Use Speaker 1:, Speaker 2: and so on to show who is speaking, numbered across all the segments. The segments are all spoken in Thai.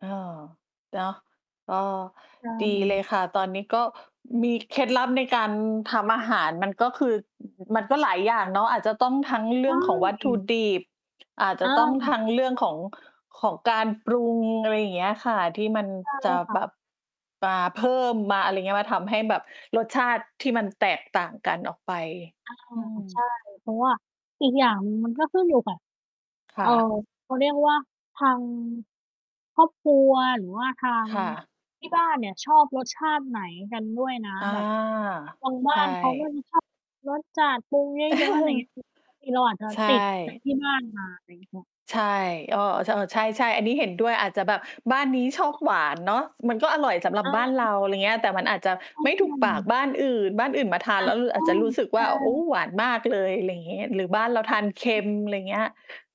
Speaker 1: เออ เนาะ เออ
Speaker 2: ใช
Speaker 1: ดีเล
Speaker 2: ่
Speaker 1: ยค่ะ ตอนนี้ ก็มีเคล็ดลับในการทำอาหาร มันก็คือ มันก็หลายอย่างเนาะ อาจจะต้องทั้งเร
Speaker 2: ใช
Speaker 1: ื่องของวัตถุ
Speaker 2: ่
Speaker 1: ดิบ อาจ
Speaker 2: เ
Speaker 1: จ
Speaker 2: อ
Speaker 1: ะต้อง
Speaker 2: อ
Speaker 1: ทั้งเรื่องของ ของการปรุง อะไรอย่างเงี้ยค่ะ ที่มัน
Speaker 2: ใช่เ
Speaker 1: จ
Speaker 2: ล
Speaker 1: ะ
Speaker 2: ยค่
Speaker 1: แบ
Speaker 2: ะ
Speaker 1: บ มาเพิ่มมาอะไรเงี้ย มาทำให้แบบรสชาติที่มันแตกต่างกันออกไป
Speaker 2: อา
Speaker 1: อื
Speaker 2: ใช่
Speaker 1: ม
Speaker 2: เพราะว่า อีกอย่างหนึ่ง มันก็ขึ้นอยู่กับ
Speaker 1: ค
Speaker 2: เอ
Speaker 1: ่
Speaker 2: ่อ
Speaker 1: ะ
Speaker 2: เขาเรียกว่า ทาง ครอบครัว หรือว่าทาง
Speaker 1: ค่ะ
Speaker 2: ที่บ้านเนี่ยชอบรสชาติไหนกันด้วยนะ
Speaker 1: อา
Speaker 2: แบบ บางบ
Speaker 1: ใช
Speaker 2: ้า
Speaker 1: ่
Speaker 2: น เขาก็จะ ชอบ รสจัด ปรุงเยอะ ๆ อะไรเงี้ย คือบางที เราอาจจะ
Speaker 1: ใช
Speaker 2: ติด จาก
Speaker 1: ่
Speaker 2: ที่บ้านมา ไรเงี้ยค่ะ
Speaker 1: ใช่ อ้อ ช่อ ใช่ ๆ อันนี้เห็นด้วย อาจจะแบบบ้านนี้ชอบหวานเนาะ มันก็อร่อยสำหรับ
Speaker 2: อ
Speaker 1: บ้านเร
Speaker 2: า
Speaker 1: า ไรเงี้ย แต่มันอาจจะไม่
Speaker 2: ใช
Speaker 1: ถู
Speaker 2: ่
Speaker 1: กปาก
Speaker 2: ๆ
Speaker 1: บ้านอื่น บ้านอื่นมาทา
Speaker 2: อ
Speaker 1: นแ
Speaker 2: า
Speaker 1: ล้ว เออ อาจจะรู้สึก
Speaker 2: ใช
Speaker 1: ว่
Speaker 2: ่
Speaker 1: า โอ้
Speaker 2: ๆ
Speaker 1: หวานมากเลย อะไรอย่างงี้ หรือบ้านเราทานเค็
Speaker 2: ใช่
Speaker 1: ม ไรเงี้ย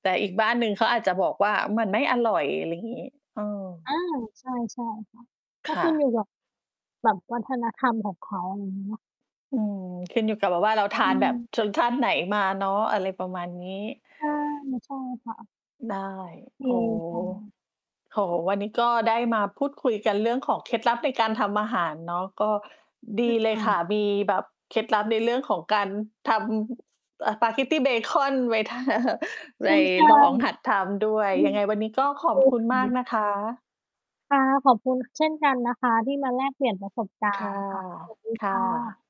Speaker 1: แต่อีกบ้านหนึ่งเขาอาจจะบอกว่า มันไม่อร่อย อะไรงี้ เออ
Speaker 2: อา ใช่ ใช่ ค่ะ ก
Speaker 1: ค
Speaker 2: ็ข
Speaker 1: ่
Speaker 2: ึ้นอย
Speaker 1: ะ
Speaker 2: ู่กับ แบบวัฒนธรรมของเขา อะไรงี้เนาะ
Speaker 1: อืม ขึ้นอยู่กับแบบว่าเราท
Speaker 2: ใช
Speaker 1: านแบบ
Speaker 2: ่
Speaker 1: ชนชาติไหนมาเนาะ อะไรประมาณนี้
Speaker 2: ใช่ ใช่ค่ะ
Speaker 1: ได้
Speaker 2: โอ
Speaker 1: โอ้
Speaker 2: เคค
Speaker 1: โอ้โฮ
Speaker 2: ่ะ
Speaker 1: วันนี้ก็ได้มาพูดคุยกันเรื่องของเคล็ดลับในการทำอาหารเนาะ ก็ดีเล
Speaker 2: ค
Speaker 1: ย
Speaker 2: ่
Speaker 1: ค่ะ
Speaker 2: ะ
Speaker 1: มีแบบเคล็ดลับในเรื่องของการทำ เอ่อ ปาเกตตีเบคอนไว้ ทา ไป
Speaker 2: ใช่
Speaker 1: ลองหัดทำด้ว
Speaker 2: ๆ
Speaker 1: ย
Speaker 2: อื
Speaker 1: ยั
Speaker 2: อ
Speaker 1: งไงวันนี้ก็ขอ
Speaker 2: โอ
Speaker 1: บคุ
Speaker 2: เคค
Speaker 1: ณมาก
Speaker 2: ่ะ
Speaker 1: นะคะ
Speaker 2: ค่ะ ขอบคุณเช่นกันนะคะที่มาแลกเปลี่ยนประสบก
Speaker 1: ค
Speaker 2: า
Speaker 1: ่ะ
Speaker 2: รณ์ ค่ะ สวัสดี
Speaker 1: ค่
Speaker 2: ค่
Speaker 1: ะ
Speaker 2: ะ